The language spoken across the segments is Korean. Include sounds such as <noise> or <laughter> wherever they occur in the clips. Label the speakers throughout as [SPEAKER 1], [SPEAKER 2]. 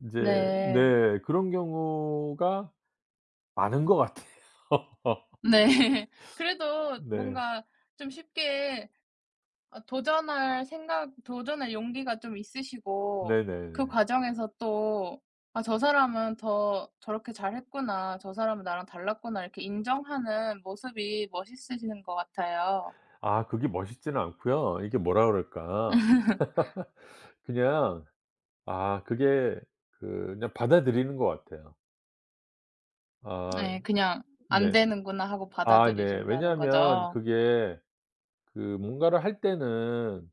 [SPEAKER 1] 이제
[SPEAKER 2] 네.
[SPEAKER 1] 네 그런 경우가 많은 것 같아요. <laughs>
[SPEAKER 2] 네. 그래도
[SPEAKER 1] 네.
[SPEAKER 2] 뭔가 좀 쉽게 어 도전할 생각 도전할 용기가 좀 있으시고 그
[SPEAKER 1] 네네네.
[SPEAKER 2] 과정에서 또 '아 저 사람은 더 저렇게 잘 했구나. 저 사람은 나랑 달랐구나.' 이렇게 인정하는 모습이 멋있으신 것 같아요.
[SPEAKER 1] 아 그게 멋있지는 않고요. 이게 뭐라 그럴까.
[SPEAKER 2] <laughs>
[SPEAKER 1] <laughs> 그냥 아 그게 그냥 받아들이는 것 같아요. 아
[SPEAKER 2] 네. 그냥 '안
[SPEAKER 1] 네.
[SPEAKER 2] 되는구나.' 하고
[SPEAKER 1] 아 네.
[SPEAKER 2] 받아들이신다는
[SPEAKER 1] 왜냐하면
[SPEAKER 2] 거죠?
[SPEAKER 1] 그게 그 뭔가를 할 때는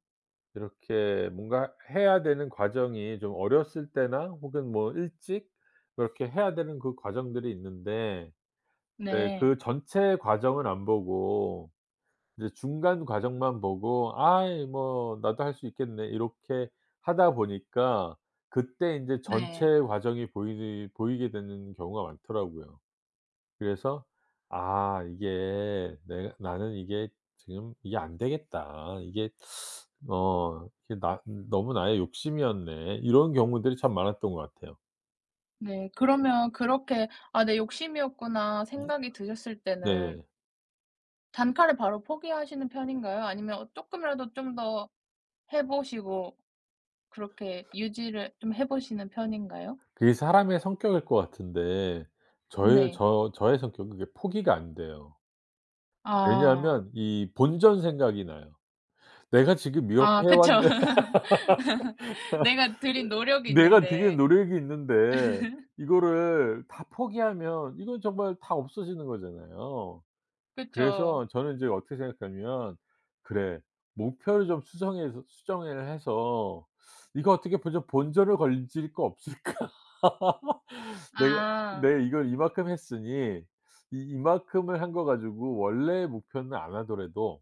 [SPEAKER 1] 이렇게 뭔가 해야 되는 과정이 좀 어렸을 때나 혹은 뭐 일찍 이렇게 해야 되는 그 과정들이 있는데 예
[SPEAKER 2] 네.
[SPEAKER 1] 그 전체 과정은 안 보고 이제 중간 과정만 보고 '아이 뭐 나도 할 수 있겠네.' 이렇게 하다 보니까 그때 인제
[SPEAKER 2] 네.
[SPEAKER 1] 전체 과정이 보이는 보이게 되는 경우가 많더라고요. 그래서 '아 이게 내 나는 이게 지금 이게 안 되겠다. 이게 어 이게 나 너무 나의 욕심이었네.' 이런 경우들이 참 많았던 것 같아요.
[SPEAKER 2] 네. 그러면 그렇게 '아 내 욕심이었구나.'
[SPEAKER 1] 네.
[SPEAKER 2] 생각이 드셨을 때는
[SPEAKER 1] 네네.
[SPEAKER 2] 단칼에 바로 포기하시는 편인가요? 아니면 쪼끔이라도 좀 더 해 보시고 그렇게 유지를 좀 해 보시는 편인가요?
[SPEAKER 1] 그게 사람의 성격일 것 같은데 저의
[SPEAKER 2] 네.
[SPEAKER 1] 저 저의 성격은 그게 포기가 안 돼요.
[SPEAKER 2] 아.
[SPEAKER 1] 왜냐하면 이 본전 생각이 나요. 내가 지금 이렇게
[SPEAKER 2] 아
[SPEAKER 1] 해
[SPEAKER 2] 그쵸.
[SPEAKER 1] 왔는
[SPEAKER 2] <laughs> 내가 들인
[SPEAKER 1] <laughs>
[SPEAKER 2] 노력이
[SPEAKER 1] 내가 들인
[SPEAKER 2] 있는데.
[SPEAKER 1] 노력이 있는데
[SPEAKER 2] <laughs>
[SPEAKER 1] 이거를 다 포기하면 이건 정말 다 없어지는 거잖아요.
[SPEAKER 2] 그쵸.
[SPEAKER 1] 그래서 저는 이제 어떻게 생각하냐면 '그래 목표를 좀 수정해서 수정을 해서 이거 어떻게 본전 본전을 건질 거 없을까? <laughs> 내가
[SPEAKER 2] 아.
[SPEAKER 1] 내 이걸 이만큼 했으니 이 이만큼을 한 거 가지고 원래의 목표는 안 하더라도'